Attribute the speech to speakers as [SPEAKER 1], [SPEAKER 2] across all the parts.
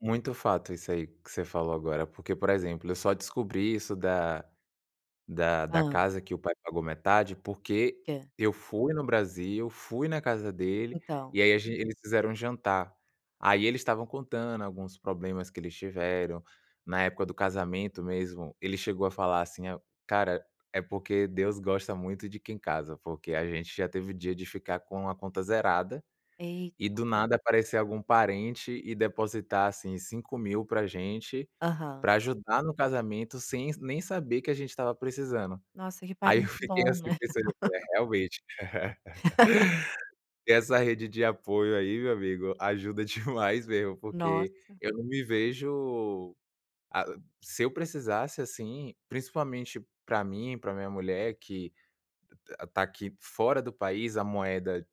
[SPEAKER 1] Muito fato isso aí que você falou agora, porque, por exemplo, eu só descobri isso da da da
[SPEAKER 2] Hã.
[SPEAKER 1] casa que o pai pagou metade, porque
[SPEAKER 2] Que.
[SPEAKER 1] eu fui no Brasil, fui na casa dele, e
[SPEAKER 2] Então.
[SPEAKER 1] aí a ge eles fizeram um jantar. Aí eles estavam contando alguns problemas que eles tiveram, na época do casamento mesmo, ele chegou a falar assim, ao "Cara, é porque Deus gosta muito de quem casa, porque a gente já teve dia de ficar com a conta zerada, e
[SPEAKER 2] Eita.
[SPEAKER 1] do nada aparecer algum parente e depositar, assim, R$ 5.000,00 para gente,
[SPEAKER 2] Aham.
[SPEAKER 1] para ajudar no casamento, sem nem saber que a gente estava precisando".
[SPEAKER 2] Nossa, que
[SPEAKER 1] Aí eu
[SPEAKER 2] parente
[SPEAKER 1] fiquei,
[SPEAKER 2] bom,
[SPEAKER 1] assim,
[SPEAKER 2] né.
[SPEAKER 1] pensando, falei: "Realmente". Essa rede de apoio aí, meu amigo, ajuda demais mesmo, porque
[SPEAKER 2] Nossa.
[SPEAKER 1] eu não me vejo ah, se eu precisasse, assim, principalmente para mim, para minha mulher que está aqui fora do país, a moeda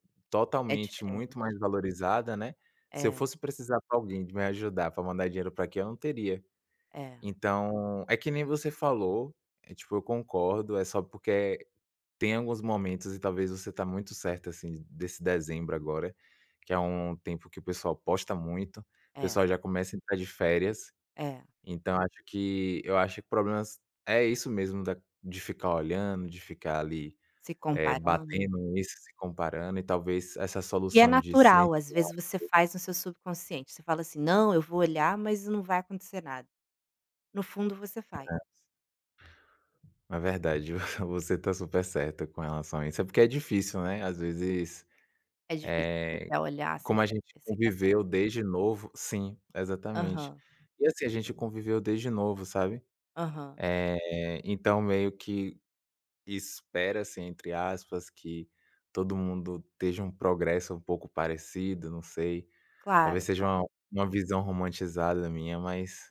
[SPEAKER 2] É
[SPEAKER 1] totalmente muito
[SPEAKER 2] diferente.
[SPEAKER 1] mais valorizada, né, se eu
[SPEAKER 2] É.
[SPEAKER 1] fosse precisar para alguém de me ajudar, para mandar dinheiro para aqui, eu não teria.
[SPEAKER 2] É.
[SPEAKER 1] Então é que nem você falou, é tipo, eu concordo, é só porque é tem alguns momentos, e talvez você está muito certa, assim, desse dezembro agora, que é um tempo que o pessoal posta muito. O
[SPEAKER 2] É.
[SPEAKER 1] pessoal já começa a entrar de férias,
[SPEAKER 2] É.
[SPEAKER 1] então acho que eu acho que problemas é isso mesmo da de ficar olhando, de ficar ali,
[SPEAKER 2] Se
[SPEAKER 1] eh,
[SPEAKER 2] comparando.
[SPEAKER 1] batendo isso, se comparando e talvez essa
[SPEAKER 2] E é
[SPEAKER 1] solução de silenciar
[SPEAKER 2] natural, às
[SPEAKER 1] um
[SPEAKER 2] vezes
[SPEAKER 1] pouco
[SPEAKER 2] você faz no seu subconsciente, você fala assim: "Não, eu vou olhar, mas não vai acontecer nada". No fundo você vai.
[SPEAKER 1] É. É verdade, você está super certa com relação a isso. É porque é difícil, né, às vezes,
[SPEAKER 2] É difícil, você
[SPEAKER 1] eh,
[SPEAKER 2] quer olhar, você
[SPEAKER 1] como a
[SPEAKER 2] quer
[SPEAKER 1] gente
[SPEAKER 2] você quer sa
[SPEAKER 1] conviveu desde novo sim, exatamente.
[SPEAKER 2] Aham.
[SPEAKER 1] E assim, a gente conviveu desde novo, sabe,
[SPEAKER 2] Aham.
[SPEAKER 1] eh, então meio que "espera-se", entre aspas, que todo mundo esteja um progresso um pouco parecido, não sei, talvez
[SPEAKER 2] Claro,
[SPEAKER 1] seja
[SPEAKER 2] claro.
[SPEAKER 1] uma uma visão romantizada minha, mas